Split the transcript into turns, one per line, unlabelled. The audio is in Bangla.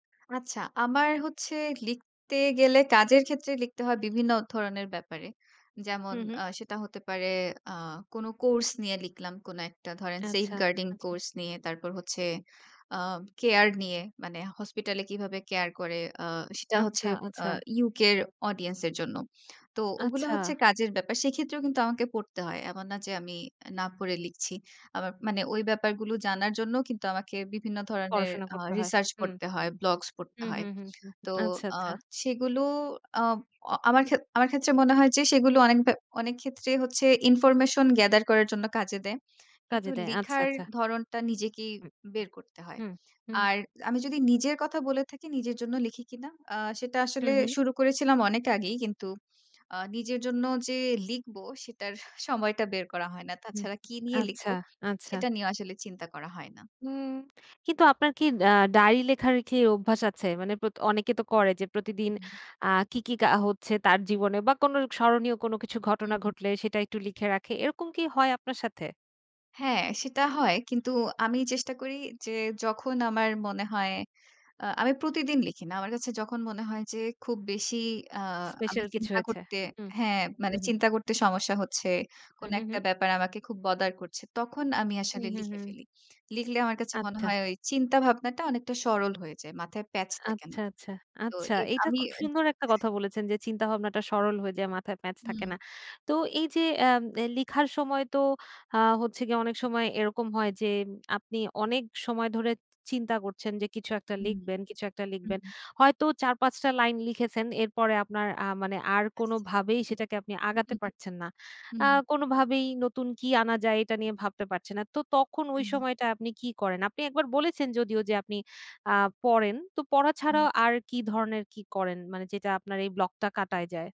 আচ্ছা, আমার হচ্ছে লিখতে গেলে কাজের ক্ষেত্রে লিখতে হয় বিভিন্ন ধরনের ব্যাপারে।
হু,
যেমন
হু।
আ সেটা হতে পারে আ কোন কোর্স নিয়ে লিখলাম, কোন একটা ধরেন safe
আচ্ছা,
guarding
আচ্ছা।
কোর্স নিয়ে, তারপর হচ্ছে আ কেয়ার নিয়ে, মানে হসপিটালে কিভাবে কেয়ার করে, আ সেটা হচ্ছে
আচ্ছা,
আ
আচ্ছা।
UK এর অডিয়েন্সের জন্য। তো ওগুলো
আচ্ছা।
হচ্ছে কাজের ব্যাপার। সেক্ষেত্রেও কিন্তু আমাকে পড়তে হয়। এমন না যে আমি না পড়ে লিখছি। আমার মানে ওই ব্যাপারগুলো জানার জন্যও কিন্তু আমাকে বিভিন্ন ধরনের
পড়াশোনা
আ
করতে হয়।
রিসার্চ
হুম।
পড়তে হয়, ব্লগস পড়তে
হুম,
হয়।
হুম, হুম।
তো
আচ্ছা,
আ
আচ্ছা।
সেগুলো আ আমার খে আমার ক্ষেত্রে মনে হয় যে, সেগুলো অনেকবা অনেকক্ষেত্রে হচ্ছে information gather করার জন্য কাজে দেয়। কিন্তু
কাজে দেয়। আচ্ছা,
লিখার
আচ্ছা।
ধরনটা নিজেকেই
উ
বের করতে হয়।
হু। হুম, হু।
আর আমি যদি নিজের কথা বলে থাকি, নিজের জন্য লিখি কিনা? আ সেটা
হু,
আসলে
হু।
শুরু করেছিলাম অনেক আগেই। কিন্তু আ নিজের জন্য যে লিখবো, সেটার হা সময়টা বের করা হয় না।
হুম।
তাছাড়া কি নিয়ে
আচ্ছা,
লিখবো?
আচ্ছা।
সেটা নিয়েও আসলে চিন্তা করা হয় না।
উম কিন্তু আপনার কি আ ডায়রি লেখালেখির অভ্যাস আছে? মানে প্র অনেকে তো করে যে প্রতিদিন
উ।
আ কি, কি কা হচ্ছে তার জীবনে? বা, কোনো স্মরণীয় কোনো কিছু ঘটনা
উ
ঘটলে, সেটা একটু লিখে রাখে। এরকম কি হয় আপনার সাথে?
হ্যাঁ, সেটা হয়। কিন্তু আমি চেষ্টা করি যে যখন আমার মনে হয় আ আমি প্রতিদিন লিখি না। আমার কাছে যখন মনে হয় যে খুব বেশি আ আমি
স্পেশাল কিছু
চিন্তা
হয়েছে।
করতে
হুম।
হ্যাঁ,
হু,
মানে
হু।
চিন্তা করতে সমস্যা হচ্ছে।
হু,
কোন
হু,
একটা
হু।
ব্যাপার আমাকে খুব bother করছে। তখন আমি
হুম,
আসলে
হু,
লিখে
হুম।
ফেলি। লিখলে আমার কাছে মনে
আচ্ছা।
হয় ওই চিন্তা ভাবনাটা অনেকটা সরল হয়ে যায়। মাথায় প্যাচ থাকে না।
আচ্ছা, আচ্ছা।
তো
আচ্ছা,
এ
এটা
আমি
খুব
অ্যা
সুন্দর একটা কথা বলেছেন যে চিন্তাভাবনাটা সরল হয়ে যায়, মাথায় প্যাচ থাকে
হুম।
না। তো এইযে অ্যা ম্নে লেখার সময় তো আ হচ্ছে গিয়ে অনেক সময় এরকম হয় যে আপনি অনেক সময় ধরে চি চিন্তা করছেন যে কিছু একটা
হুম।
লিখবেন, কিছু একটা
হুম,
লিখবেন।
হু।
হয়তো ৪, ৫ টা লাইন লিখেছেন। এরপরে আপনার আ মানে আর
আচ্ছা
কোনোভাবেই সেটাকে আপনি
উ
আগাতে
হু,
পারছেন না।
উ
আ
হুম।
কোনোভাবেই নতুন কি আনা যায়, এটা নিয়ে ভাবতে পারছেন না। তো তখন
উ
ওই
হুম।
সময়টা আপনি কি করেন? আপনি একবার বলেছেন যদিও যে আপনি আ পড়েন, তো পড়া
হুম।
ছাড়াও আর কি ধরনের কি করেন? মানে যেটা আপনার এই ব্লগটা কাটায় যায়?